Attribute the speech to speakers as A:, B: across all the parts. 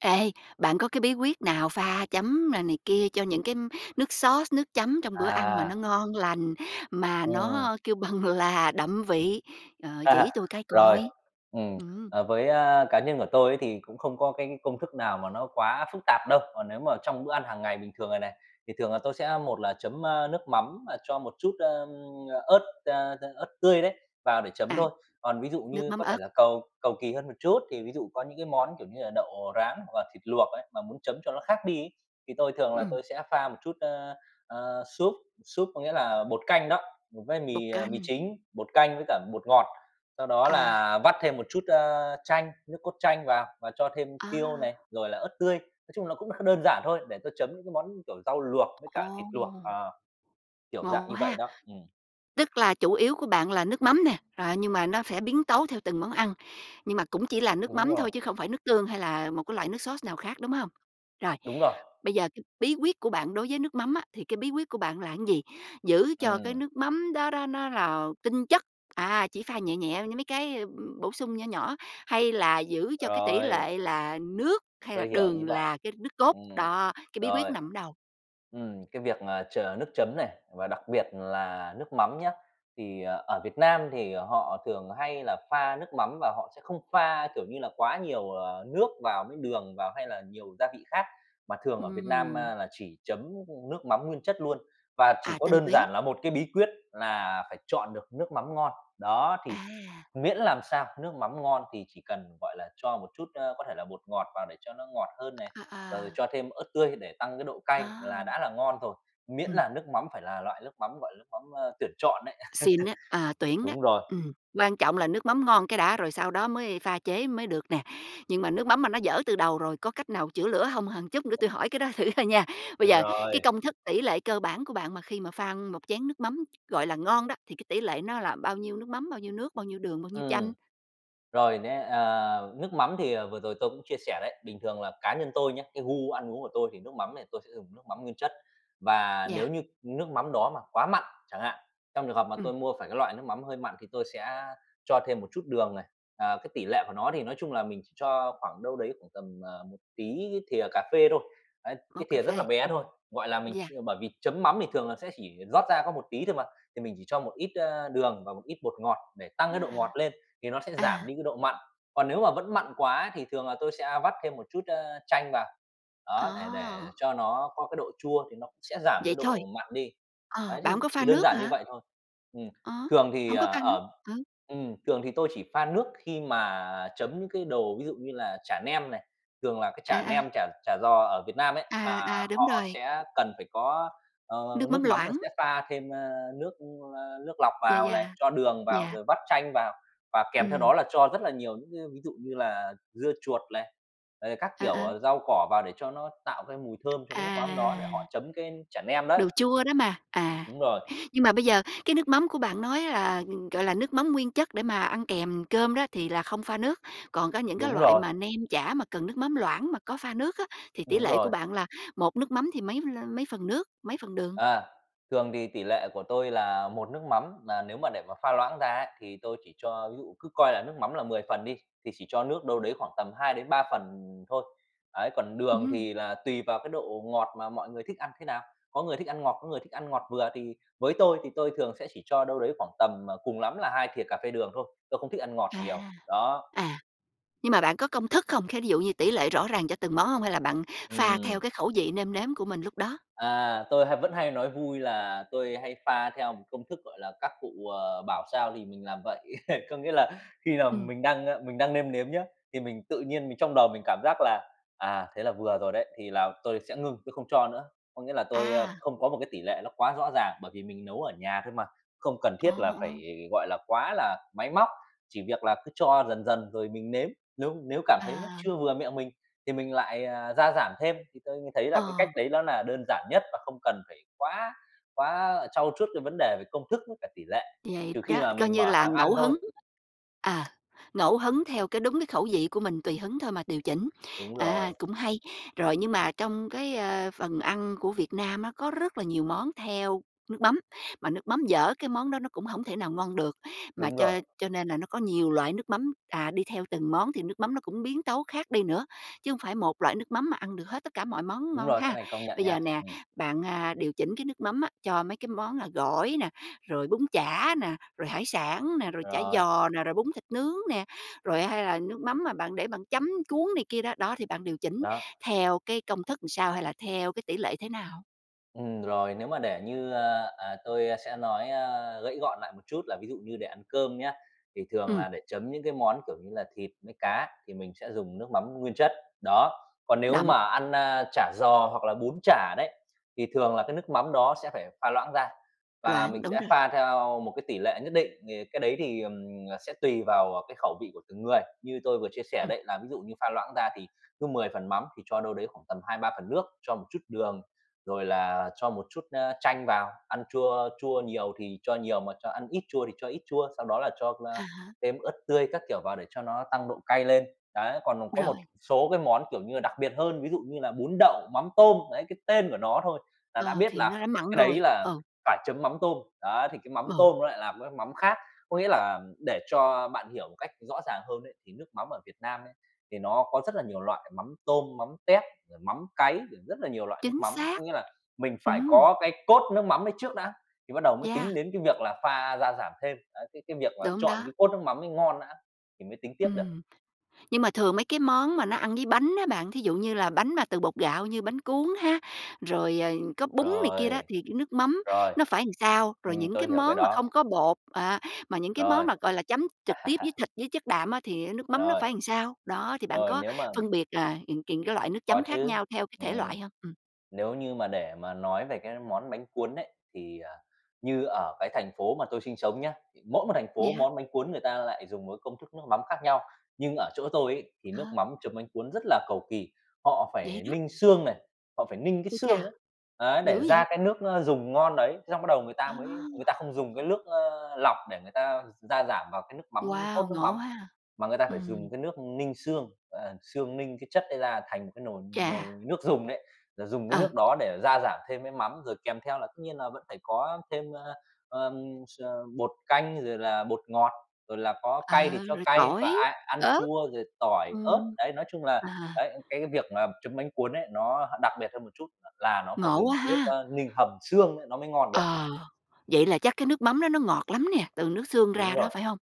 A: Ê, bạn có cái bí quyết nào pha chấm n này kia cho những cái nước sauce, nước chấm trong bữa ăn mà
B: À.
A: nó ngon lành, mà
B: Ừm.
A: nó kêu bằng là đậm vị, ờ, chỉ tui cái
B: Rồi.
A: coi?
B: Ừm.
A: Ừm.
B: Ờ, với, a, cá nhân của tôi ấy, thì cũng không có cái công thức nào mà nó quá phức tạp đâu, còn nếu mà trong bữa ăn hàng ngày bình thường rồi này thì thường là tôi sẽ một là chấm, a, nước mắm, ờ, cho một chút, ơ, ớt, a, a, ớt tươi đấy vào để chấm
A: À.
B: thôi. Còn ví dụ
A: Nước
B: như
A: mắm
B: có thể
A: ớt.
B: là cầu cầu kỳ hơn một chút thì ví dụ có những cái món, kiểu như là, đậu rán hoặc là thịt luộc ấy, mà muốn chấm cho nó khác đi ấy thì tôi thường là
A: Ừm.
B: tôi sẽ pha một chút, ơ, ờ, súp, súp có nghĩa là bột canh đó với
A: Bột
B: mì, à, mì
A: canh.
B: chính, bột canh với cả bột ngọt, sau đó
A: À.
B: là vắt thêm một chút, ơ, chanh nước cốt chanh vào và cho thêm tiêu này,
A: A!
B: rồi là ớt tươi. Nói chung là cũng kh đơn giản thôi để tôi chấm những cái món như, kiểu, rau luộc với cả thịt luộc,
A: Ồ!
B: ờ, kiểu, dạng
A: Ngộ
B: như vậy,
A: ha?
B: đó. Ừm.
A: Tức là chủ yếu của bạn là nước mắm nè, rồi á nhưng mà nó sẽ biến tấu theo từng món ăn, nhưng mà cũng chỉ là nước
B: Đúng
A: mắm thôi
B: rồi.
A: chứ không phải nước tương hay là một cái loại nước sauce, nào khác, đúng hông? Rồi.
B: Đúng rồi!
A: Bây giờ bí quyết của bạn đối với nước mắm á thì cái bí quyết của bạn là cái gì? Giữ cho cái
B: Ừm.
A: nước mắm đó đó nó là tinh chất, à, chỉ pha nhẹ nhẹ với mấy cái, ưm, bổ sung nhỏ nhỏ, hay là giữ cho cái tỷ
B: Rồi.
A: lệ là nước hay là
B: Tôi hiểu ý
A: đường
B: bạn.
A: là cái nước cốt,
B: Ừm.
A: đó, cái bí quyết
B: Rồi.
A: nằm ở đâu?
B: Ừm, cái việc, à, chờ nước chấm này và đặc biệt là nước mắm nhá thì ở Việt Nam thì họ thường hay là pha nước mắm và họ sẽ không pha, kiểu như là, quá nhiều, ờ, nước vào với đường vào, hay là nhiều gia vị khác, mà thường ở Việt Nam,
A: Ừm.
B: a, là chỉ chấm, ưm, nước mắm nguyên chất luôn và chỉ
A: À.
B: có
A: Tinh
B: đơn
A: túy.
B: giản là một cái bí quyết là phải chọn được nước mắm ngon, đó. Thì
A: À!
B: miễn làm sao nước mắm ngon thì chỉ cần, gọi là, cho một chút, ơ, có thể là bột ngọt vào để cho nó ngọt hơn này,
A: À,
B: rồi rồi
A: à.
B: cho thêm ớt tươi để tăng cái độ cay là
A: À!
B: đã là ngon rồi. Miễn
A: Ừm.
B: là nước mắm phải là loại nước mắm, gọi là, nước mắm, a, tuyển chọn đấy.
A: Xịn á. À, tuyển đó.
B: Đúng rồi.
A: Ừm. Quan trọng là nước mắm ngon cái đã rồi sau đó mới pha chế mới được nè. Nhưng mà nước mắm mà nó dở từ đầu rồi có cách nào chữa lửa hông, hờn chút nữa tui hỏi cái đó thử thôi nha, bây giờ cái
B: Rồi.
A: công thức tỷ lệ cơ bản của bạn mà khi mà pha một chén nước mắm, gọi là, ngon đó thì cái tỷ lệ nó là bao nhiêu nước mắm, bao nhiêu nước, bao nhiêu đường, bao nhiêu chanh?
B: Ừm. Rồi nhé, ờ, nước mắm thì, ờ, vừa rồi tôi cũng chia sẻ đấy, bình thường là cá nhân tôi nhé, cái gu ăn uống của tôi thì nước mắm này tôi sẽ dùng nước mắm nguyên chất. Và
A: Yeah.
B: nếu như nước mắm đó mà quá mặn chẳng hạn, trong trường hợp mà
A: Ừm!
B: tôi mua phải cái loại nước mắm hơi mặn thì tôi sẽ cho thêm một chút đường này, ờ, cái tỷ lệ của nó thì nói chung là mình chỉ cho khoảng đâu đấy khoảng tầm, ờ, một tí cái thìa cà phê thôi, đấy,
A: Ô,
B: cái
A: cà
B: thìa rất là
A: phê.
B: bé
A: Ừm.
B: thôi, gọi là, mình ch
A: Yeah.
B: bởi vì chấm mắm thì thường là sẽ chỉ rót ra có một tí thôi mà, thì mình chỉ cho một ít, ơ, đường và một ít bột ngọt để tăng cái độ ngọt
A: À.
B: lên thì nó sẽ giảm
A: À.
B: đi cái độ mặn. Còn nếu mà vẫn mặn quá thì thường là tôi sẽ vắt thêm một chút, ơ, chanh vào, đó, để để
A: À!
B: cho nó có cái độ chua thì nó cũng sẽ giảm
A: Vậy
B: cái
A: thôi?
B: độ mặn đi,
A: Ờ.
B: ấy,
A: Bạn
B: thì
A: hông có pha
B: chỉ đơn
A: nước
B: giản như
A: hả?
B: vậy thôi. Ừm.
A: Ơ?
B: Thường thì,
A: Hổng có
B: ờ,
A: pha nước.
B: ờm
A: Ừ.
B: ừm, thường thì tôi chỉ pha nước khi mà chấm những cái đồ ví dụ như là chả nem này. Thường là cái
A: À,
B: chả
A: à.
B: nem, chả chả giò ở Việt Nam ấy,
A: À,
B: là
A: à. Đúng
B: họ
A: rồi.
B: sẽ cần phải có, ờ,
A: Nước mắm
B: nước mắm là
A: loãng.
B: sẽ pha thêm, a, nước, ơ, nước lọc
A: Yeah,
B: vào
A: yeah.
B: này, cho đường vào,
A: Yeah.
B: rồi vắt chanh vào và kèm theo
A: Ừm.
B: đó là cho rất là nhiều những cái ví dụ như là dưa chuột này, rồi thì các
A: Ờ,
B: kiểu
A: ờ.
B: rau cỏ vào để cho nó tạo cái mùi thơm cho cái nước mắm đó để họ
A: À.
B: chấm cái chả nem đấy.
A: Đồ chua đó mà. À.
B: Đúng rồi.
A: Nhưng mà bây giờ cái nước mắm của bạn nói là, gọi là, nước mắm nguyên chất để mà ăn kèm cơm đó thì là không pha nước, còn có những cái
B: Đúng
A: loại
B: rồi!
A: mà nem chả mà cần nước mắm loãng mà có pha nước á thì tỷ
B: Đúng
A: lệ của
B: rồi.
A: bạn là một nước mắm thì mấy lơ mấy phần nước, mấy phần đường?
B: À, thường thì tỷ lệ của tôi là một nước mắm, mà nếu mà để mà pha loãng ra á thì tôi chỉ cho ví dụ cứ coi là nước mắm là 10 phần đi thì chỉ cho nước đâu đấy khoảng tầm 2-3 phần thôi, ấy. Còn đường
A: Ừm.
B: thì là tùy vào cái độ ngọt mà mọi người thích ăn thế nào, có người thích ăn ngọt, có người thích ăn ngọt vừa. Thì với tôi thì tôi thường sẽ chỉ cho đâu đấy khoảng tầm, ờ, cùng lắm là 2 thìa cà phê đường thôi, tôi không thích ăn ngọt nhiều.
A: À.
B: Đó.
A: À. Nhưng mà bạn có công thức không? Khế thí dụ như tỷ lệ rõ ràng cho từng món hông? Hay là bạn pha theo
B: Ừm.
A: cái khẩu vị nêm nếm của mình lúc đó?
B: À, tôi hay vẫn hay nói vui là tôi hay pha theo một công thức, gọi là, các cụ, ờ, bảo sao thì mình làm vậy. Có nghĩa là khi nào
A: Ừm.
B: mình đang mình đang nêm nếm nhé, thì mình tự nhiên mình trong đầu mình cảm giác là "À, thế là vừa rồi đấy" thì là tôi sẽ ngưng, tôi không cho nữa. Có nghĩa là tôi, ơ,
A: A!
B: không có một cái tỷ lệ nó quá rõ ràng, bởi vì mình nấu ở nhà thôi mà, không cần
A: Ồ,
B: thiết là phải,
A: ồ.
B: gọi là, quá là máy móc, chỉ việc là cứ cho dần dần rồi mình nếm, nếu nếu cảm thấy nó
A: À.
B: chưa vừa miệng mình thì mình lại, à, gia giảm thêm. Thì tôi thấy là cái cách
A: Ờ!
B: đấy ló là đơn giản nhất và không cần phải quá quá, à, trau chuốt cái vấn đề về công thức với cả tỷ lệ,
A: Vậy
B: trừ khi
A: đó,
B: mà
A: coi
B: mình
A: như
B: mở
A: là
B: hàng ăn
A: ngẫu
B: thôi.
A: hứng ờ, ngẫu hứng theo cái đúng cái khẩu vị của mình tùy hứng thôi mà điều chỉnh.
B: Đúng
A: Ờ,
B: rồi.
A: cũng hay! Rồi nhưng mà trong cái, ơ, phần ăn của Việt Nam á có rất là nhiều món theo nước mắm mà nước mắm dở cái món đó nó cũng hổng thể nào ngon được, mà
B: Đúng
A: cho
B: rồi!
A: cho nên là nó có nhiều loại nước mắm, à, đi theo từng món thì nước mắm nó cũng biến tấu khác đi nữa, chứ hông phải một loại nước mắm mà ăn được hết tất cả mọi món
B: Đúng
A: ngon
B: rồi, cái
A: ha?
B: này công nhận
A: Bây giờ
B: nha.
A: nè,
B: Ừm.
A: bạn, a, điều chỉnh cái nước mắm á cho mấy cái món, a, gỏi nè, rồi bún chả nè, rồi hải sản nè, rồi chả
B: Rồi.
A: giò nè, rồi bún thịt nướng nè, rồi hay là nước mắm mà bạn để bạn chấm, cuốn này kia đó, đó, thì bạn điều chỉnh
B: Đó.
A: theo cái công thức làm sao hay là theo cái tỷ lệ thế nào?
B: Ừm, rồi. Nếu mà để như, ơ, ờ, tôi sẽ nói, ơ, gãy gọn lại một chút là ví dụ như để ăn cơm nhé, thì thường
A: Ừm.
B: là để chấm những cái món, kiểu như là, thịt với cá thì mình sẽ dùng nước mắm nguyên chất, đó. Còn nếu
A: Đậm.
B: mà ăn, a, chả giò hoặc là bún chả đấy, thì thường là cái nước mắm đó sẽ pha loãng ra và
A: Loãng.
B: mình
A: Đúng
B: sẽ
A: rồi.
B: pha theo một cái tỷ lệ nhất định, thì cái đấy thì, ừm, ờ, sẽ tùy vào, à, cái khẩu vị của từng người, như tôi vừa chia sẻ
A: Ừm.
B: đấy là ví dụ như pha loãng ra thì cứ 10 phần mắm thì cho đâu đấy khoảng tầm 2, 3 phần nước, cho một chút đường, rồi là cho một chút, ơ, chanh vào, ăn chua chua nhiều thì cho nhiều mà cho ăn ít chua thì cho ít chua, sau đó là cho,
A: À
B: ơ,
A: há.
B: thêm ớt tươi các kiểu vào để cho nó tăng độ cay lên. Đấy, còn, ờ, có một
A: Rồi.
B: số cái món kiểu như là đặc biệt hơn, ví dụ như là bún đậu mắm tôm, đấy, cái tên của nó thôi là đã
A: Ờ,
B: biết
A: thì
B: là
A: nó đã mặn
B: cái đấy
A: rồi.
B: là
A: Ừ.
B: phải chấm mắm tôm, đấy, thì cái mắm
A: Ừ.
B: tôm nó lại là một cái mắm khác. Có nghĩa là để cho bạn hiểu một cách rõ ràng hơn ấy, thì nước mắm ở Việt Nam ấy, thì nó có rất là nhiều loại: mắm tôm, mắm tép, rồi mắm cáy, rồi rất là nhiều loại nước
A: Chính
B: mắm,
A: xác!
B: có nghĩa là mình phải
A: Ừm!
B: có cái cốt nước mắm ấy trước đã thì bắt đầu mới
A: Yeah.
B: tính đến cái việc là pha gia giảm thêm. Ấy, cái cái việc mà
A: Đúng
B: chọn
A: đó.
B: cái cốt nước mắm ấy ngon nã thì mới tính tiếp được.
A: Ừm. Nhưng mà thường mấy cái món mà nó ăn với bánh á bạn, thí dụ như là bánh mà từ bột gạo như bánh cuốn ha, rồi, ờ, có bún này kia đó
B: Rồi.
A: thì nước mắm
B: Rồi.
A: nó phải làm sao? Rồi
B: Ừm,
A: những
B: tôi
A: cái
B: hiểu cái
A: món mà
B: đó.
A: không có bột, à, mà những cái món
B: Rồi.
A: mà, gọi là, chấm trực tiếp với thịt, với chất đạm á thì á nước mắm nó
B: Rồi.
A: phải làm sao? Đó, thì bạn
B: Rồi,
A: có
B: nếu mà
A: phân biệt, à, kình kình cái loại nước
B: Có
A: chấm khác
B: chứ.
A: nhau theo cái thể
B: Ừm.
A: loại hông? Ừm.
B: Nếu như mà để mà nói về cái món bánh cuốn ấy, thì, ờ, như ở cái thành phố mà tôi sinh sống nhé, mỗi một thành phố
A: Yeah.
B: món bánh cuốn người ta lại dùng một cái công thức nước mắm khác nhau, nhưng ở chỗ tôi ấy thì nước
A: À.
B: mắm chấm bánh cuốn rất là cầu kỳ. Họ
A: Vậy
B: phải
A: đó!
B: ninh xương này, họ phải ninh
A: Ui
B: xương
A: cha!
B: ấy, ấy,
A: Dữ
B: để
A: vậy?
B: ra cái nước, ơ, dùng ngon đấy, thế xong bắt đầu người ta mới người ta
A: À!
B: không dùng cái nước, ơ, lọc để người ta gia giảm vào cái nước mắm
A: Wow!
B: cốt nước
A: Ngộ
B: mắm
A: ha?
B: mà người ta phải
A: Ừm.
B: dùng cái nước ninh xương, ờ, xương ninh cái chất ấy ra thành cái nồi nồi
A: Chà!
B: nước dùng đấy, rồi dùng
A: Ừ.
B: nước đó để gia giảm thêm với mắm rồi kèm theo là tất nhiên là vẫn phải có thêm, ờ, s bột canh, rồi là bột ngọt, rồi là có cay thì
A: Ờ.
B: cho
A: Rồi
B: cay và
A: tỏi,
B: ai ăn
A: ớt.
B: chua, rồi tỏi, ớt.
A: Ừm.
B: Đấy, nói chung là
A: À.
B: đấy, cái việc mà chấm bánh cuốn ấy nó đặc biệt hơn một chút là nó phải
A: Ngộ
B: dùng
A: quá
B: cái nước,
A: ha?
B: ơ, ninh hầm xương ấy nó mới ngon được.
A: Ờ. Vậy là chắc cái nước mắm nó nó ngọt lắm nè, từ nước xương
B: Đúng
A: ra đó,
B: rồi.
A: phải hông?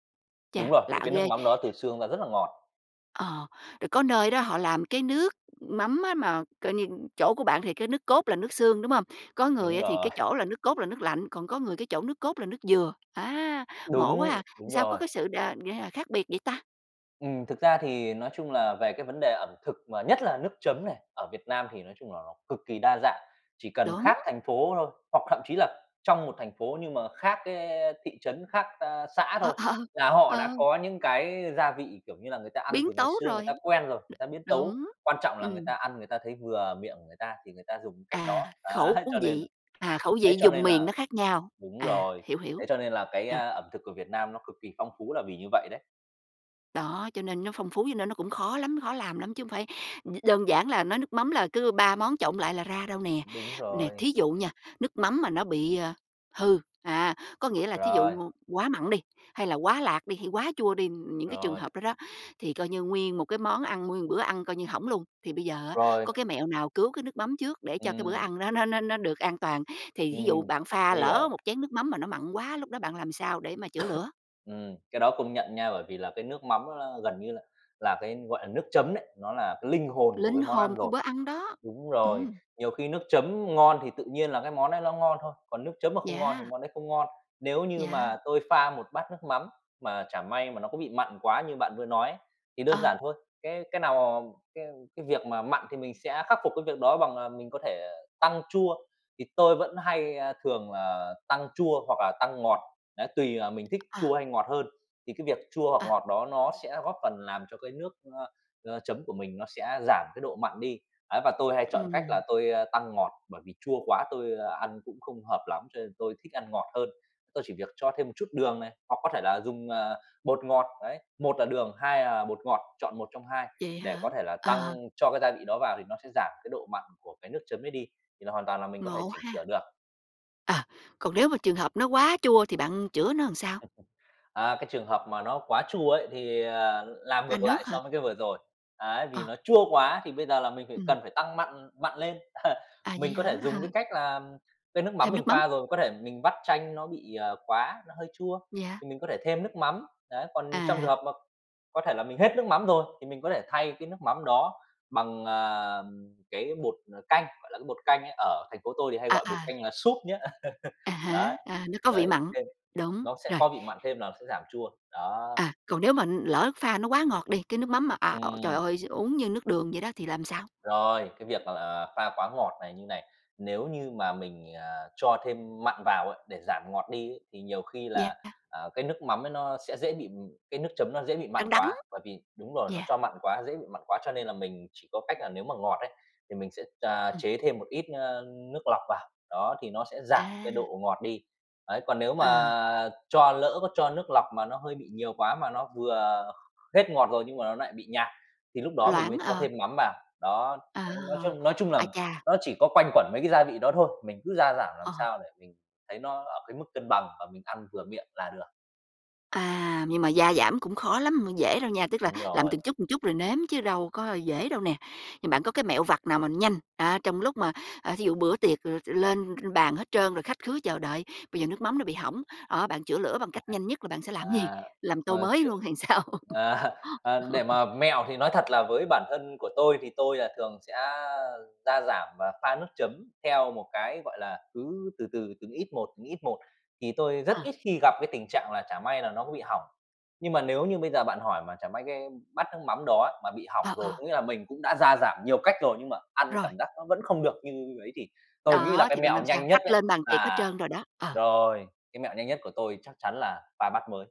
B: Đúng
A: Chà!
B: rồi.
A: Lạ
B: Vì cái nước
A: ghê!
B: mắm đó từ xương ra rất là ngọt.
A: Ờ. Rồi có nơi đó họ làm cái nước mắm á mà, coi như chỗ của bạn thì cái nước cốt là nước xương, đúng hông? Có người
B: Đúng
A: á thì
B: rồi.
A: cái chỗ là nước cốt là nước lạnh, còn có người cái chỗ nước cốt là nước dừa. Á! Ngộ quá à!
B: Đúng!
A: Làm
B: Đúng
A: sao có
B: rồi.
A: cái sự, đền như là, khác biệt vậy ta?
B: Ừm, thực ra thì nói chung là về cái vấn đề ẩm thực, mà nhất là nước chấm này, ở Việt Nam thì nói chung là nó cực kỳ đa dạng. Chỉ cần
A: Đúng!
B: khác thành phố thôi hoặc thậm chí là trong một thành phố nhưng mà khác cái, ơ, thị trấn, khác, a, xã
A: Ờ
B: thôi,
A: ờ.
B: là họ
A: Ờ.
B: đã có những cái gia vị, kiểu như là, người ta ăn
A: Biến
B: từ ngày
A: tấu
B: xưa người
A: rồi!
B: ta quen rồi, người ta biến tấu,
A: đúng.
B: quan trọng là người
A: Ừm.
B: ta ăn người ta thấy vừa miệng của người ta thì người ta dùng cái cách đó.
A: À. Khẩu
B: Ấy, cho nên là
A: vị. À, khẩu
B: ấy,
A: vị
B: cho
A: vùng
B: nên
A: miền nó
B: là
A: khác nhau.
B: đúng
A: À.
B: rồi,
A: Hiểu, hiểu.
B: ấy, cho nên là cái,
A: Rồi.
B: a, ẩm thực của Việt Nam nó cực kỳ phong phú là vì như vậy đấy.
A: Đó, cho nên nó phong phú, cho nên nó cũng khó lắm khó làm lắm chứ hông phải đơn giản là nói nước mắm là cứ ba món trộn lại là ra đâu nè.
B: Đúng
A: Nè,
B: rồi.
A: thí dụ nha, nước mắm mà nó bị, à, hư, à, có nghĩa là thí dụ
B: Rồi.
A: ngôn quá mặn đi, hay là quá lạt đi, hay quá chua đi, những cái trường
B: Rồi.
A: hợp đó đó thì coi như nguyên một cái món ăn, nguyên một bữa ăn coi như hỏng luôn, thì bây giờ á
B: Rồi!
A: có cái mẹo nào cứu cái nước mắm trước để cho cái bữa
B: Ừm.
A: ăn nó nó nó nó được an toàn? Thì thí dụ
B: Ừm.
A: bạn pha
B: Tôi
A: lỡ
B: hiểu.
A: một chén nước mắm mà nó mặn quá, lúc đó bạn làm sao để mà chữa lửa?
B: Ừm. Cái đó công nhận nha, bởi vì là cái nước mắm nó gần như là là cái, gọi là, nước chấm đấy, nó là cái linh hồn của
A: Linh
B: cái món
A: hồn
B: ăn
A: của
B: rồi.
A: bữa ăn đó!
B: Đúng rồi.
A: Ừm.
B: Nhiều khi nước chấm ngon thì tự nhiên là cái món đấy nó cũng ngon thôi, còn nước chấm mà không ngon thì
A: Yeah!
B: món đấy không ngon. Nếu như
A: Yeah.
B: mà tôi pha một bát nước mắm mà chẳng may mà nó có bị mặn quá như bạn vừa nói ấy, thì đơn giản
A: Ờ!
B: thôi, cái cái nào mà cái cái việc mà mặn thì mình sẽ khắc phục cái việc đó bằng, à, mình có thể tăng chua, thì tôi vẫn hay, ơ, thường là tăng chua hoặc tăng ngọt. Ấy, tùy, ờ, mình thích
A: Ờ.
B: chua hay ngọt hơn, thì cái việc chua hoặc
A: Ờ.
B: ngọt đó nó sẽ góp phần làm cho cái nước, ơ, ờ, chấm của mình nó sẽ giảm cái độ mặn đi, ấy, và tôi hay chọn cách là
A: Ừm.
B: tôi, a, tăng ngọt, bởi vì chua quá tôi, ơ, ăn cũng không hợp lắm, cho nên tôi thích ăn ngọt hơn. Tôi chỉ việc cho thêm một chút đường này, hoặc có thể là dùng, à, bột ngọt, ấy. Một là đường, hai à bột ngọt, chọn một trong hai
A: Vậy
B: để
A: hả?
B: có thể là
A: Ờ.
B: tăng cho cái gia vị đó vào thì nó sẽ giảm cái độ mặn của cái nước chấm ấy đi, thì là hoàn toàn là mình có thể
A: Ngộ
B: chỉnh sửa
A: ha?
B: được.
A: Ờ. Còn nếu mà trường hợp nó quá chua thì bạn chữa nó làm sao?
B: Ờ, cái trường hợp mà nó quá chua ấy thì, ờ, làm
A: La
B: ngược lại
A: nước hờ?
B: so với cái vừa rồi. Ấy, vì
A: Ờ.
B: nó chua quá thì bây giờ là mình phải
A: Ừm.
B: cần phải tăng mặn mặn lên.
A: À,
B: Mình
A: vậy
B: có thể
A: hả?
B: dùng cái cách là cái nước mắm
A: Thêm
B: mình
A: nước mắm.
B: pha rồi, có thể mình vắt chanh nó bị, à, qúa, nó hơi chua,
A: Yeah.
B: thì mình có thể thêm nước mắm, đấy, còn trong trường
A: À.
B: hợp mà có thể là mình hết nước mắm rồi, thì mình có thể thay cái nước mắm đó bằng, à, cái bột, ờ, canh, gọi là cái bột canh ấy, ở thành phố tôi thì hay
A: À,
B: gọi bột
A: à.
B: canh là súp nhé.
A: À
B: Đấy.
A: há. À, nó có vị
B: Đấy,
A: mặn.
B: thêm,
A: Đúng.
B: nó sẽ
A: Rồi.
B: có vị mặn thêm là nó sẽ giảm chua, đó.
A: Ờ. Còn nếu mà, ừm, lỡ pha nó quá ngọt đi, cái nước mắm mà à, ồ, trời
B: Ừm.
A: ơi, s uống như nước đường vậy đó thì làm sao?
B: Rồi, cái việc mà, à, pha quá ngọt này như này, nếu như mà mình, à, cho thêm mặn vào á để giảm ngọt đi ấy, thì nhiều khi là,
A: Yeah.
B: à, cái nước mắm ấy nó sẽ dễ bị cái nước chấm dễ bị
A: Đăng
B: mặn
A: đắng.
B: quá, bởi vì đúng rồi, nó
A: Yeah.
B: cho mặn quá, nó dễ bị mặn quá. Cho nên là mình chỉ có cách là nếu mà ngọt ấy thì mình sẽ, ờ,
A: Ừm.
B: chế thêm một ít, ơ, nước lọc vào, đó, thì nó sẽ giảm cái
A: À.
B: độ ngọt đi. Ấy, còn nếu
A: Ờ.
B: mà cho lỡ có cho nước lọc mà nó hơi bị nhiều quá, mà nó vừa hết ngọt rồi nhưng mà nó nại bị nhạt, thì lúc đó mình
A: Loãng.
B: mới cho
A: Ờ.
B: thêm mắm vào. Đó.
A: À!
B: Ấy, nói chung nói chung là
A: Ai cha!
B: nó chỉ có quanh quẩn mấy cái gia vị đó thôi, mình cứ gia giảm làm
A: Ờ.
B: sao để mình thấy nó ở cái mức cân bằng và mình ăn vừa miệng là được.
A: À. Nhưng mà gia giảm cũng khó lắm, m dễ đâu nha, tức là
B: Đúng
A: làm
B: rồi.
A: từng chút, từng chút rồi nếm chứ đâu có dễ đâu nè. Thì bạn có cái mẹo vặt nào mà nhanh, à, trong lúc mà, à, thí dụ bữa tiệc l lên bàn hết trơn rồi, khách khứa chờ đợi, bây giờ nước mắm nó bị hỏng, đó, bạn chữa lửa bằng cách nhanh nhất là bạn sẽ làm cái gì?
B: À.
A: Làm tô
B: Ờ,
A: mới
B: trước
A: luôn hay làm sao?
B: à. Ờ, để mà mẹo thì nói thật là với bản thân của tôi thì tôi, à, thường sẽ gia giảm và pha nước chấm theo một cái, gọi là, cứ từ từ, từng ít một, từng ít một, thì tôi rất
A: Ờ.
B: ít khi gặp cái tình trạng là chả may là nó có bị hỏng. Nhưng mà nếu như bây giờ bạn hỏi mà chả may cái bát nước mắm đó mà bị hỏng
A: Ờ,
B: rồi, có
A: ờ.
B: nghĩa là mình cũng đã gia giảm nhiều cách rồi nhưng mà ăn
A: Rồi!
B: cảm giác nó vẫn không được như ấy thì tôi nghĩ là
A: Đó.
B: cái
A: Thì bạn
B: mẹo
A: làm sao?
B: nhanh nhất
A: Khách
B: ấy,
A: lên bàn tiệc hết
B: là
A: trơn rồi đó. Ờ.
B: rồi, cái mẹo nhanh nhất của tôi chắc chắn là pha bát mới.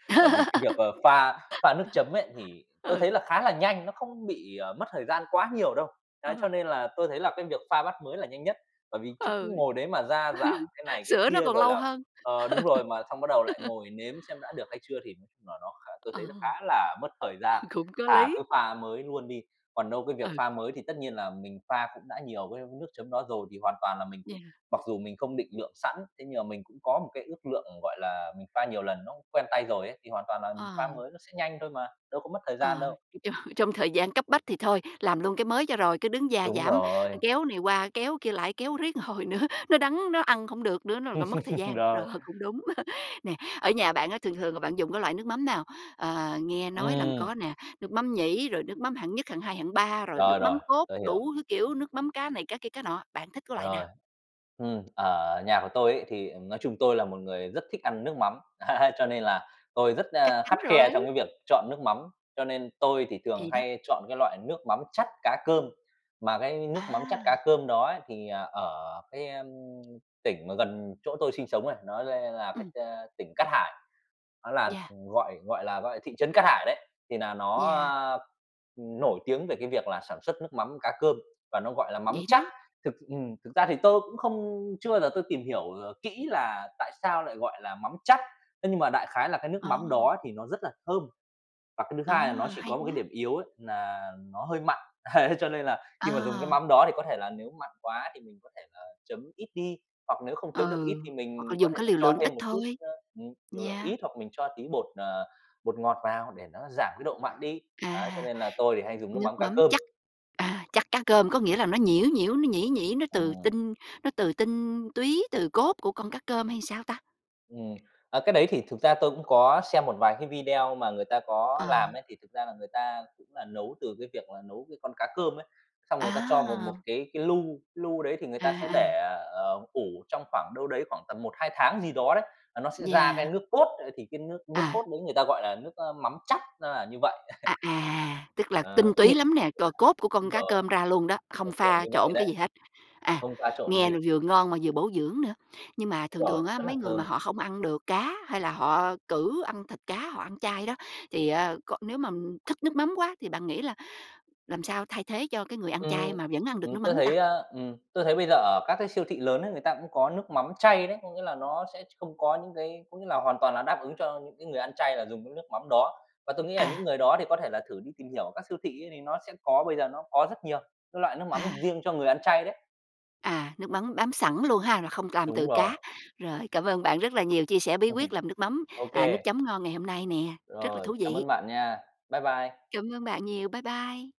B: Bởi vì cái việc, ờ, pha pha nước chấm ấy thì tôi
A: Ừ.
B: thấy là khá là nhanh, nó không bị, ờ, mất thời gian quá nhiều đâu. Đấy, cho
A: Ừ.
B: nên là tôi thấy là cái việc pha bát mới là nhanh nhất, bởi vì chứ cứ
A: Ừ.
B: ngồi đấy mà gia giảm cái này cái
A: Sửa nó
B: kia,
A: còn
B: rồi
A: lâu
B: là
A: hơn.
B: ờ, đúng rồi, mà xong bắt đầu lại ngồi nếm xem đã được hay chưa thì nà nó khá tôi thấy
A: Ừ.
B: nó khá là mất thời gian,
A: Cũng có
B: thà
A: lý.
B: cứ pha mới luôn đi. Còn đâu cái việc
A: Ừ.
B: pha mới thì tất nhiên là mình pha cũng đã nhiều với nước chấm đó rồi thì hoàn toàn là mình cũng
A: Yeah.
B: mặc dù mình không định lượng sẵn, thế nhưng mà mình cũng có một cái ước lượng, gọi là, mình pha nhiều lần nó cũng quen tay rồi ấy, thì hoàn toàn là mình
A: À.
B: pha mới nó sẽ nhanh thôi mà, đâu có mất thời gian
A: À.
B: đâu.
A: Trong trong thời gian cấp bách thì thôi, làm luôn cái mới cho rồi, cái đứng gia
B: Đúng
A: giảm,
B: rồi.
A: kéo này qua, kéo kia lại, kéo riết một hồi nữa, nó đắng, nó ăn khổng được nữa, nó r-r mất thời gian. Rồi,
B: Rồi.
A: cũng đúng. Nè, ở nhà bạn á thường thường là bạn dùng cái loại nước mắm nào? Ờ, nghe nói là
B: Ừm.
A: có nè, nước mắm nhĩ rồi nước mắm hạng nhất, hạng hai, hạng ba rồi nước
B: Rồi,
A: mắm
B: rồi.
A: cốt,
B: Tôi hiểu.
A: đủ thứ kiểu, nước mắm cá này, cá kia, cá nọ, bạn thích cái loại
B: Rồi.
A: nào?
B: Ừm, ở nhà của tôi ấy, thì nói chung tôi là một người rất thích ăn nước mắm, ấy, cho nên là tôi rất,
A: Chắc
B: a,
A: chắn
B: khắt khe
A: rồi!
B: trong việc chọn nước mắm. Cho nên tôi thường
A: Thì đó.
B: hay chọn cái loại nước mắm chắt cá cơm, mà cái nước mắm chắt cá
A: À!
B: cơm đó ấy thì ở cái, a, tỉnh mà gần chỗ tôi sinh sống ấy nó là
A: Ừm.
B: cái, a, tỉnh Cát Hải, nó là
A: Yeah.
B: gọi gọi là gọi, thị trấn Cát Hải đấy, thì nà nó,
A: Yeah.
B: a, ừm, nổi tiếng về cái việc là sản xuất nước mắm cá cơm và nó gọi là mắm
A: Vậy
B: chắt.
A: đó!
B: Thực ừm, thực ra thì tôi cũng không chưa bao giờ tôi tìm hiểu, ờ, kỹ là tại sao lại gọi là mắm chắt, thế nhưng mà đại khái là cái nước mắm
A: À!
B: đó thì nó rất là thơm. Và cái thứ hai là nó
A: À!
B: chỉ
A: Hay
B: có một cái
A: quá!
B: điểm yếu ấy nà nó hơi mặn. Ấy, cho nên là khi mà dùng cái
A: À!
B: mắm đó thì có thể là nếu mặn quá thì mình có thể, ờ, chấm ít đi, hoặc nếu không chấm được ít
A: Ừ.
B: thì
A: Hoặc là
B: mình có
A: dùng
B: thể
A: cái liều
B: cho
A: lượng ít
B: thêm một chút,
A: thôi.
B: ơ, ừm, liều lượng ít hoặc mình cho tí bột, ờ, bột ngọt vào để nó giảm cái độ mặn đi. Ấy, cho
A: À.
B: nên là tôi thì hay dùng nước
A: Nước
B: mắm cá
A: mắm
B: cơm.
A: chắt, à, chắt cá cơm. Có nghĩa là nó nhiễu nhiễu, nó nhĩ nhĩ, nó từ
B: Ừm.
A: tinh nó từ tinh túy, từ cốt của con cá cơm hay làm sao ta?
B: Ừm. Ờ, cái đấy thì thực ra tôi cũng có xem một vài cái video mà người ta có làm
A: À.
B: ấy thì thực ra là người ta cũng nà nấu từ cái việc là nấu cái con cá cơm ấy, xong người ta cho vào một
A: À!
B: cái cái lu, cái lu đấy thì người
A: À,
B: ta sẽ
A: à.
B: để, ờ, ủ trong khoảng đâu đấy khoảng tầm 1, 2 tháng gì đó đấy, à, nó sẽ ra cái
A: Yeah.
B: nước cốt, ơ, thì cái nước nước
A: À!
B: cốt đấy người ta gọi là nước, ơ, mắm chắt, nó là như vậy.
A: À à. Tức là
B: Ấy,
A: tinh
B: cứ
A: túy lắm nè. C Cốt của con
B: đúng
A: cá
B: rồi,
A: cơm ra luôn đó, không
B: kiểu kiểu
A: pha
B: như vậy
A: trộn cái gì
B: đấy.
A: hết. À.
B: Không pha trộn cái
A: Nghe
B: gì.
A: vừa ngon mà vừa bổ dưỡng nữa. Nhưng mà
B: Đúng
A: thường
B: ròi.
A: thường á
B: Rất là
A: mấy người mà
B: thơm.
A: họ không ăn được cá hay là họ cự ăn thịt cá, họ ăn chay đó thì á c nếu mà thức nước mắm quá thì bạn nghĩ là làm sao thay thế cho cái người ăn chay
B: Ừm.
A: mà vẫn ăn được
B: Ừm,
A: nước
B: tôi
A: mắm ta?
B: thấy, ơ ừm, tôi thấy bây giờ ở các cái siêu thị lớn ấy, người ta cũng có nước mắm chay đấy. Có nghĩa là nó sẽ không có những cái có nghĩa là hoàn toàn là đáp ứng cho những cái người ăn chay là dùng cái nước mắm đó và tôi nghĩ là những
A: À!
B: người đó thì có thể là thử đi tìm hiểu ở các siêu thị ấy thì nó sẽ có, bây giờ nó có rất nhiều các loại nước
A: À!
B: mắm riêng cho người ăn chay đấy.
A: À. Nước mắm bám sẵn luôn ha, rồi không làm
B: Đúng
A: từ
B: rồi.
A: cá. Rồi. Cảm ơn bạn rất là nhiều, chia sẻ bí quyết làm nước mắm,
B: Ô
A: à, nước
B: kê.
A: chấm ngon ngày hôm nay nè. Rất là
B: Rồi.
A: thú
B: Cảm
A: vị.
B: ơn bạn nha. Bye bye!
A: Cảm ơn bạn nhiều. Bye bye!